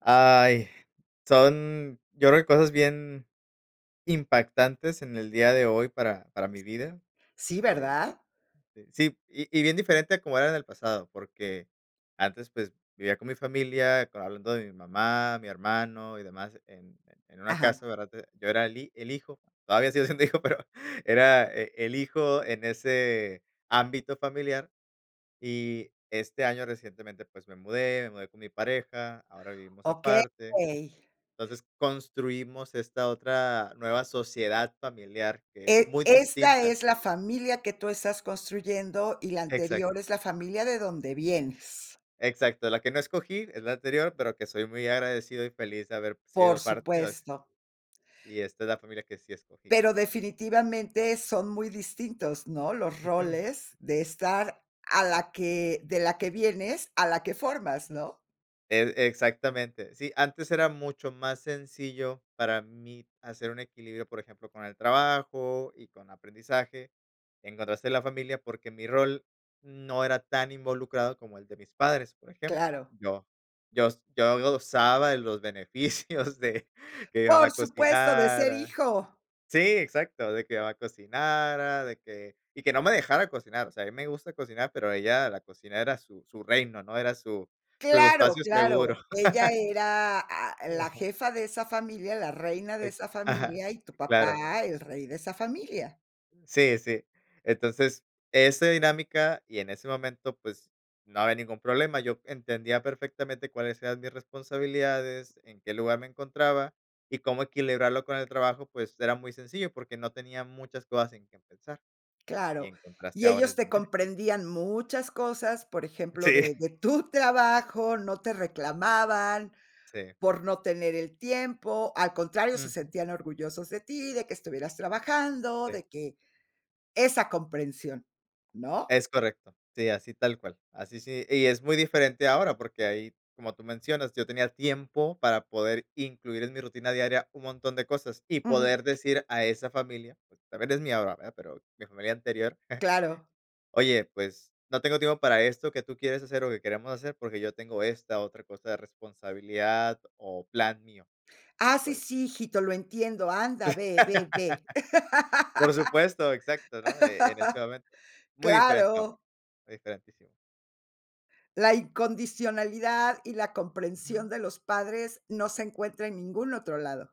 ¡Ay! Son, yo creo que cosas bien impactantes en el día de hoy para para mi vida. Sí, Eh, ¿verdad? sí y y bien diferente a como era en el pasado, porque antes, pues, vivía con mi familia hablando de mi mamá, mi hermano y demás. En en una Ajá. casa, ¿verdad? Yo era el hi el hijo, todavía sigo siendo hijo, pero era eh, el hijo en ese ámbito familiar, y este año recientemente, pues, me mudé, me mudé con mi pareja, ahora vivimos Okey. aparte. Entonces, construimos esta otra nueva sociedad familiar, que es E muy esta distinta. es la familia que tú estás construyendo, y la Exacto. anterior es la familia de donde vienes. Exacto, la que no escogí es la anterior, pero que soy muy agradecido, y feliz de haber Por sido parte así supuesto. y esta es la familia que sí escogí. Pero definitivamente son muy distintos, ¿no? Los Ujú. roles de estar a la que de la que vienes, a la que formas, ¿no? E exactamente. Sí, antes era mucho más sencillo para mí hacer un equilibrio, por ejemplo, con el trabajo, y con aprendizaje, en contraste en la familia, porque mi rol no era tan involucrado como el de mis padres, por ejemplo. Claro. Yo yo yo gozaba de los beneficios de que mamá ¡Por supuesto, de ser cocinara. hijo! Sí, exacto, de que mamá cocinara, de que, y que no me dejara cocinar, o sea, mí me gusta cocinar, pero ella, la cocina era su su reino, ¿no? Era su su ¡Claro, espacio seguro. claro! Ella era, ah, Sí, la ajá. jefa de esa familia, la reina de Ex esa ajá. familia, y tu Claro. papá el rey de esa familia. Sí, sí. Entonces, ese dinámica, y en ese momento, pues, no había ningún problema, yo entendía perfectamente cuáles eran mis responsabilidades, en qué lugar me encontraba, y cómo equilibrarlo con el trabajo, pues, era muy sencillo porque no tenía muchas cosas en qué pensar. Y Claro. en contraste Y ahora ellos es te diferente. comprendían muchas cosas, por ejemplo, Sí. de de tu trabajo, no te reclamaban Sí. por no tener el tiempo, al contrario, se Ujú. sentían orgullosos de ti, de que estuvieras trabajando, Sí. de que esa comprensión, ¿no? Es correcto, sí, así tal cual, así sí y es muy diferente ahora, porque ahí, como tú mencionas, yo tenía tiempo para poder incluir en mi rutina diaria un montón de cosas, y Ujú. poder decir a esa familia, pues, también es mía ahora, ¿verdad? Pero mi familia anterior. Claro. "Oye, pues no tengo tiempo para esto", ¿qué tú quieres hacer, o, qué queremos hacer?, porque yo tengo esta otra cosa de responsabilidad, o, plan mío, y Ah, sí, pues sí, hijito, lo entiendo, anda, ve, ve, ve. Por supuesto, exacto, ¿no? E en ese momento. Muy diferente ahora, Claro. diferentísimo. La incondicionalidad, y la Ujú. comprensión de los padres no se encuentra en ningún otro lado.